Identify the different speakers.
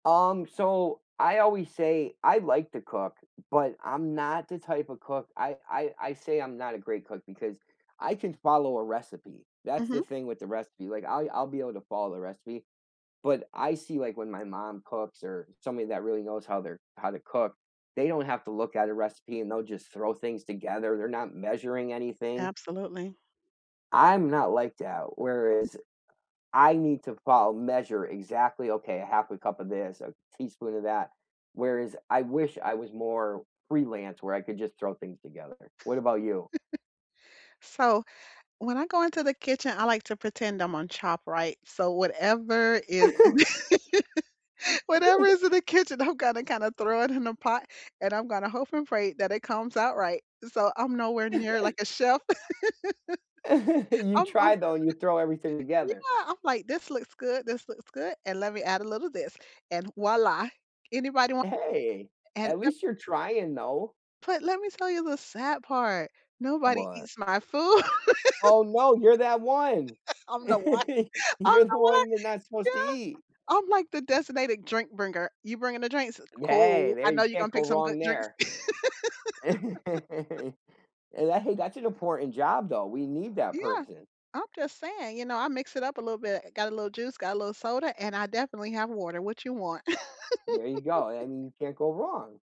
Speaker 1: Um, so I always say I like to cook, but I'm not the type of cook I I I say I'm not a great cook because I can follow a recipe, that's the
Speaker 2: Mhm.
Speaker 1: thing with the recipe. Like I I'll be able to follow the recipe, but I see, like, when my mom cooks or somebody that really knows how they're how to cook, they don't have to look at a recipe and they'll just throw things together. They're not measuring anything.
Speaker 2: Absolutely.
Speaker 1: I'm not like that. Whereas, I need to follow measure exactly, "Okay, 1/2 a cup of this, a teaspoon of that." Whereas I wish I was more freelance where I could just throw things together. What about you?
Speaker 2: So, when I go into the kitchen, I like to pretend I'm on Chopped, right? So, whatever is in the whatever is in the kitchen, I'm gonna kinda throw it in a pot and I'm gonna hope and pray that it comes out right. So, I'm nowhere near like a chef.
Speaker 1: And you
Speaker 2: I'm I'm.
Speaker 1: try, though. You throw everything together.
Speaker 2: Yeah. I'm like, "This looks good, this looks good. And let me add a little this and voila. Anybody want?"
Speaker 1: Hey.
Speaker 2: And
Speaker 1: At
Speaker 2: so
Speaker 1: least you're trying, though.
Speaker 2: But let me tell you the sad part. Nobody
Speaker 1: What?
Speaker 2: eats my food.
Speaker 1: Oh, no, you're that one!
Speaker 2: I don't know why, I don't
Speaker 1: You're the
Speaker 2: know why.
Speaker 1: one you're not supposed to
Speaker 2: Yeah.
Speaker 1: eat.
Speaker 2: I'm like the designated drink bringer. "You bringing the drinks?
Speaker 1: Hey.
Speaker 2: Cool. I
Speaker 1: There
Speaker 2: know
Speaker 1: you
Speaker 2: you're gonna
Speaker 1: can't go
Speaker 2: pick some good
Speaker 1: wrong
Speaker 2: drinks."
Speaker 1: there. Eh, ga hey. That's an important job, though. We need that
Speaker 2: Yeah.
Speaker 1: person.
Speaker 2: I'm just saying, you know, I mix it up a little bit. Got a little juice, got a little soda, and I definitely have water. What you want?
Speaker 1: There you go. I I mean, you can't go wrong.